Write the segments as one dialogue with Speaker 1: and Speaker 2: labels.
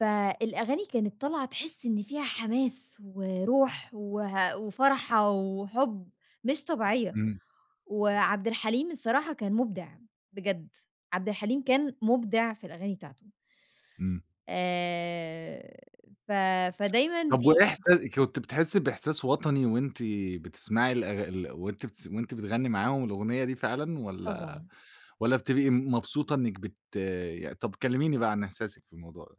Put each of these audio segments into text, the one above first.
Speaker 1: فالأغاني كانت طالعة تحِسي إن فيها حماس وروح وه وفرحة وحُب مش طبيعية.
Speaker 2: إمم.
Speaker 1: وعبد الحليم الصراحة كان مُبدع بجد، عبد الحليم كان مُبدع في الأغاني بتاعته.
Speaker 2: إمم.
Speaker 1: آآ ف فدايمًا
Speaker 2: طّب
Speaker 1: في
Speaker 2: وإيه إحسا كنتِ بتحسّي بإحساس وطني وأنتِ بتسمعي الأغ ال وأنتِ بتس وأنتِ بتغنّي معاهم الأغنية دي فعلًا والّا
Speaker 1: طبعًا.
Speaker 2: والّا بتبقي م مبسوطة إنِّك بت ي طّب كلِّميني بقى عن إحساسِك في الموضوع ده.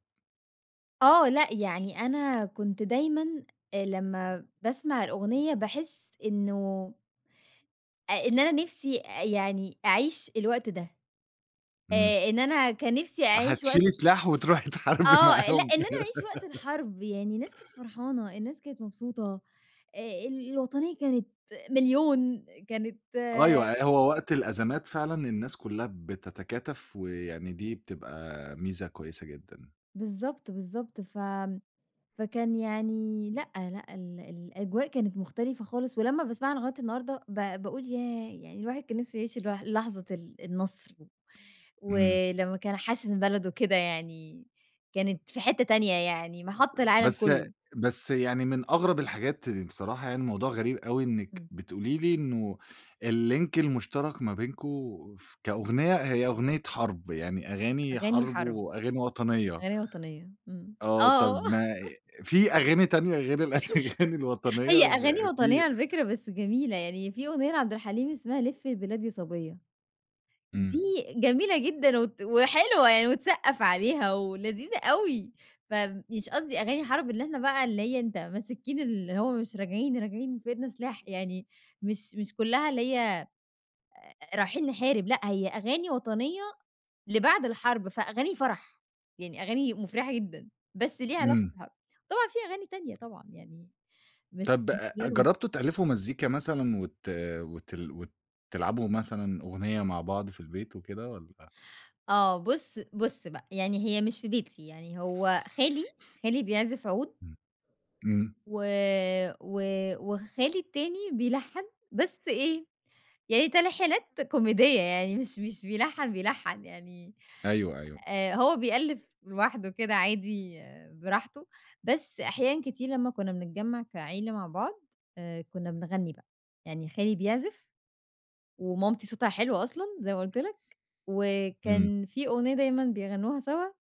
Speaker 1: آه، لأ، يعني أنا كنت دايمًا آآ لمّا باسمع الأغنية، باحِس إنه آآ إن أنا نِفْسي أ يعني أعيش الوقت ده.
Speaker 2: إمم.
Speaker 1: آآ إن أنا كان نِفْسي أعيش وقت
Speaker 2: فهتشيلي سلاح وتروحي تحاربي
Speaker 1: آه، لأ،
Speaker 2: معاهم.
Speaker 1: إن أنا أعيش وقت الحرب، يعني الناس كانت فرحانة، الناس كانت مبسوطة، آآ ال الوطنية كانت مليون، كانت
Speaker 2: أيوه، أه، هو وقت الأزمات فعلًا الناس كُلّها بتَتكاتَف، ويعني دي بتبقى ميزة كويسة جدًا.
Speaker 1: بالضبط، بالضبط. ف فكان يعني لأ، لأ، ال الأجواء كانت مختلفة خالص ولمّا باسمعها لغاية النهارده، ب باقول ياه، يعني الواحد كان نِفْسه يعيش الوح لحظة ال النَصْر.
Speaker 2: إمم.
Speaker 1: ولمّا كان حاسِس إن بلده كده يعني كانت في حتّة تانية يعني، مَحَط العالم
Speaker 2: بس
Speaker 1: كُلّه.
Speaker 2: بس يعني من أغرب الحاجات بصراحة يعني موضوع غريب أوي إنِّك
Speaker 1: إمم.
Speaker 2: بتقولي لي إنه الlink المُشترَك ما بينكم ف كأغنية، هي أغنية حرب، يعني أغاني
Speaker 1: أغاني
Speaker 2: حرب
Speaker 1: حرب.
Speaker 2: وأغاني وطنية.
Speaker 1: أغاني وطنية. إمم.
Speaker 2: آه، طَب
Speaker 1: آه.
Speaker 2: ما في أغاني تانية غير الأغاني الوطنية
Speaker 1: هي أغاني
Speaker 2: بقى
Speaker 1: وطنية
Speaker 2: في
Speaker 1: على فكرة بس جميلة. يعني في أغنية لعبد الحليم اسمها لفّي البلاد يا صَبيّة. دي
Speaker 2: إمم.
Speaker 1: جميلة جدًا وت وحلوة يعني وتسقَّف عليها ولذيذة أوي. فمش قصدي أغاني حرب إن إحنا بقى اللي هي أنت ماسكين اللي هو مش راجعين، راجعين وفي إيدنا سلاح، يعني مش مش كُلّها اللي هي آآ رايحين نحارب، لأ، هي أغاني وطنية لبعد الحرب، فأغاني فرح. يعني أغاني مُفرِحة جدًا، بس ليها علاقة
Speaker 2: إمم.
Speaker 1: بالحرب. طبعًا في أغاني تانية طبعًا يعني مش
Speaker 2: طَب
Speaker 1: مش
Speaker 2: آآ
Speaker 1: [unintelligible]
Speaker 2: جرّبتوا تألِّفوا مزيكا مثلًا وت وتل وتلعبوا مثلًا أغنية مع بعض في البيت وكده والّا؟
Speaker 1: آه، بُص بُص بقى، يعني هي مش في بيتي، يعني هو خالي، خالي بيعزف عُود.
Speaker 2: إمم. إمم.
Speaker 1: و و وخالي التاني بيلَحَّن بس إيه، يعني تلحينات كوميدية يعني مش مش بيلَحَّن بيلَحَّن، يعني
Speaker 2: أيوه، أيوه.
Speaker 1: آآ هو بيألِّف لوحده كده عادي براحته، بس أحيانًا كتير لمّا كُنّا بنتجمَّع كعيلة مع بعض، آآ كُنّا بنغنّي بقى. يعني خالي بيعزف ومامتي صوتها حلو أصلًا زي ما قُلت لك،
Speaker 2: إمم.
Speaker 1: وكان في أغنية دايمًا بيغنّوها سوا.